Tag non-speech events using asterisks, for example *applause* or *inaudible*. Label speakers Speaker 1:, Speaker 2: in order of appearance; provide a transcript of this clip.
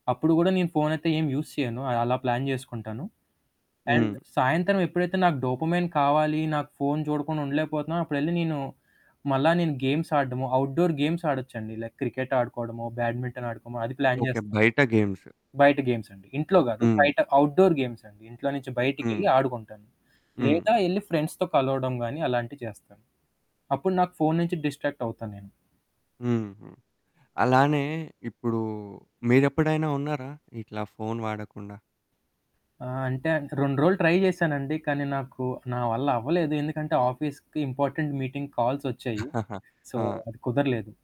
Speaker 1: అప్పుడు గూడా నేను ఫోనయితే ఏం యూజ్ చేయాను. అలా ప్లాన్ జేసుకుంటాను. అండ్
Speaker 2: హ్మ్.
Speaker 1: సాయంత్రం ఎప్పుడైతే నాకు డోపమైన్ కావాలి నాకు ఫోను చూడకుండా ఉండలేకపోతున్నా, అప్పుడెళ్ళి నేను, మళ్ళా నేను గేమ్స్ ఆడడము. అవుట్‌డోర్ గేమ్స్ ఆడొచ్చండి. లైక్ క్రికెట్ ఆడుకోవడమో, బ్యాడ్మింటన్ ఆడుకోమో అది ప్లాన్
Speaker 2: ఓకే.
Speaker 1: చేస్
Speaker 2: బయట గేమ్స్.
Speaker 1: బయట గేమ్స్ అండి. ఇంట్లో గాదు.
Speaker 2: హ్మ్.
Speaker 1: బయట అవుట్‌డోర్ గేమ్స్ అండి. ఇంట్లో నుంచి
Speaker 2: హ్మ్.
Speaker 1: బయటికెళ్ళి ఆడుకుంటాను.
Speaker 2: హ్మ్.
Speaker 1: లేదా ఎళ్లి ఫ్రెండ్స్‌తో కలవడం గాని అలాంటివి చేస్తాను. అప్పుడు నాకు ఫోను నుంచి డిస్ట్రాక్టవుతా నేను.
Speaker 2: హుహు. అలానే ఇప్పుడు మీరెప్పుడైనా ఉన్నారా? ఇట్లా ఫోను వాడకుండా?
Speaker 1: ఆ! అంటే ఇంక 2 రోజులు ట్రై చేసానండి. కానీ నాకు నా వల్ల అవ్వలేదు. ఎందుకంటే ఆఫీస్‌కి ఇంపార్టెంట్ మీటింగ్ కాల్స్ ఒచ్చాయి.
Speaker 2: *chuckles*
Speaker 1: సో,
Speaker 2: ఆ!
Speaker 1: అది కుదర్లేదు.